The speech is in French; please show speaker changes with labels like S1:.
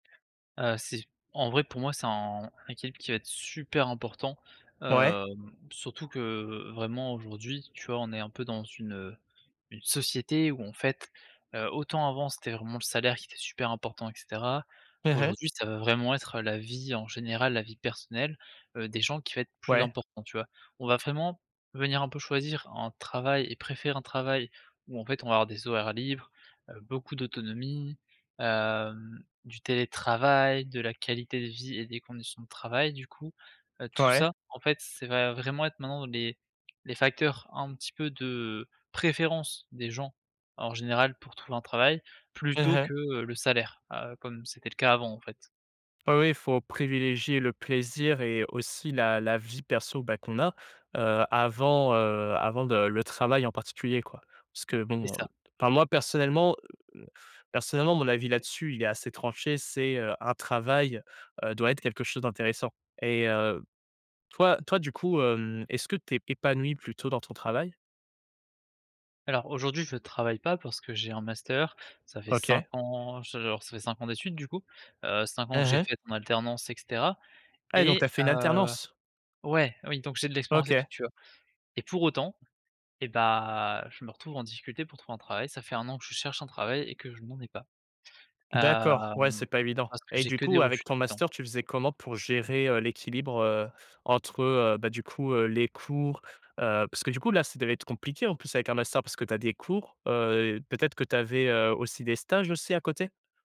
S1: Heu, c'est en vrai pour moi c'est un équilibre qui va être super important,
S2: Ouais.
S1: hem, surtout que, vraiment aujourd'hui tu vois, on est un peu dans une, heu, une société où en fait, heu, autant avant c'était vraiment le salaire qui était super important et cetera,
S2: Mmh mh.
S1: aujourd'hui ça va vraiment être la vie en général, la vie personnelle, heu, des gens qui va être plus
S2: Ouais.
S1: important tu vois? On va vraiment venir un peu choisir un travail et préférer un travail où en fait on va avoir des horaires libres, heu, beaucoup d'autonomie, hem, du télétravail, de la qualité de vie et des conditions de travail du coup. Heu, tout
S2: Ouais.
S1: ça en fait c'est va vraiment être maintenant les les facteurs un petit peu de, préférence des gens en général pour trouver un travail
S2: Mmh
S1: plutôt
S2: mh.
S1: que, heu, le salaire, heu, comme c'était le cas avant en fait.
S2: Oh oui, faut privilégier le plaisir et aussi la la vie perso, bah, qu'on a. Heu, avant, heu, avant de le travail en particulier quoi. Parce que
S1: C'est
S2: bon, heu,
S1: ça.
S2: enfin moi personnellement, heu, m personnellement mon avis là-dessus, il est assez tranché, c'est, heu, un travail, heu, doit être quelque chose d'intéressant et heu, toi toi du coup, hem, est-ce que tu es épanoui plutôt dans ton travail?
S1: Alors aujourd'hui je travaille pas parce que j'ai un master, ça fait 5
S2: OK.
S1: ans, j alors ça fait 5 ans d'études du coup, heu, 5 ans que
S2: Mmh
S1: j'ai
S2: mh.
S1: fait en alternance et cetera
S2: Ah ouais donc tu
S1: et
S2: as fait une
S1: heu
S2: alternance?
S1: ouais, oui donc j'ai de l'expérience et
S2: OK.
S1: tout tu vois? Et pour autant, eh bah, je me retrouve en difficulté pour trouver un travail, ça fait 1 an que je cherche un travail et que je n'en ai pas,
S2: D'accord, ouais,
S1: hem,
S2: c'est pas évident
S1: parce que
S2: et
S1: j'ai
S2: du
S1: que des
S2: coup, avec
S1: refus tout
S2: ton
S1: le temps!
S2: master, tu faisais comment pour gérer, heu, l'équilibre, heu, entre, heu, bah du coup, heu, les cours, heu, parce que du coup là, ça devait être compliqué en plus avec un master, parce que tu as des cours? Heu, et peut-être que tu avais, heu, aussi des stages aussi à côté?